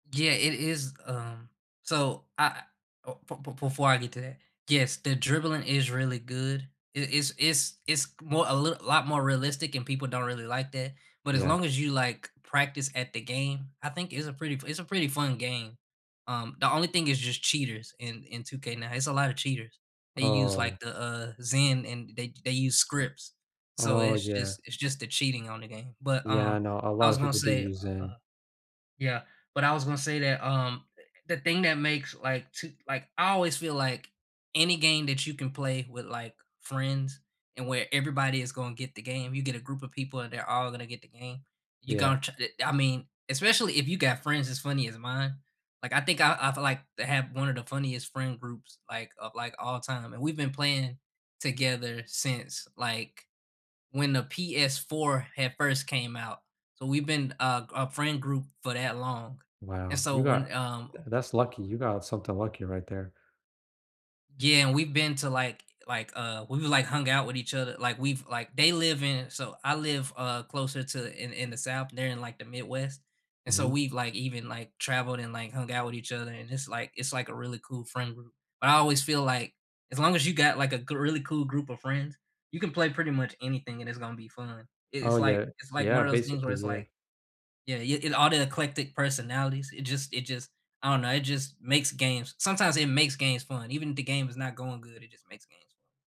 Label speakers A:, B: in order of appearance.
A: Yeah, it is, um So I uh, be be before I get to that, yes, the dribbling is really good. I is is is more a little lot more realistic and people don't really like that but as
B: Yeah.
A: long as you, like, practice at the game, I think it's a pretty f it's a pretty fun game. Um, the only thing is just cheaters in in 2K now, it's a lotta cheaters. They use, like
B: Oh.
A: the, uh, Zen and they they use scripts. So
B: Oh,
A: it's
B: yeah.
A: just it's just the cheating on the game. But,
B: Yeah.
A: uh,
B: I know. A
A: I
B: lotta
A: was gonna
B: people do
A: say,
B: use Zen.
A: uh yeah. But I was gonna say that, um, the thing that makes like, 2 like, I always feel like any game that you can play with, like, friends and where everybody is going get the game, you get a group of people and they're all gonna get the game, you
B: Yeah.
A: gon ch t I mean, especially if you got friends as funny as mine, like, I think I I feel like to have one of the funniest friend groups, like, of, like, all time. We've been playing together since, like, when the PS4 had first came out. So we've been a a friend group for that long and
B: Wow.
A: so
B: You got
A: when, um
B: tha that's lucky. You got something lucky right there.
A: Yeah. We've been to, like like, uh we've, like, hung out with each other, like, we've like they live in so I live, uh, closer to in in the South. They're in, like, the Midwest, and so
B: Mhm.
A: we've, like, even, like, traveled and, like, hung out with each other, and it's like it's like a really cool friend group. But I always feel like as long as you got, like, a g really cool group of friends, you can play pretty much anything and it's gonna be fun. I
B: Oh,
A: it's like
B: yeah
A: it's like one
B: Yeah.
A: of those things where
B: Basically,
A: it's
B: yeah.
A: like yeah, i it all the eclectic personalities, it just it just I don't know, it just makes games sometimes it makes games fun, even the game is not going good, it just makes games fun.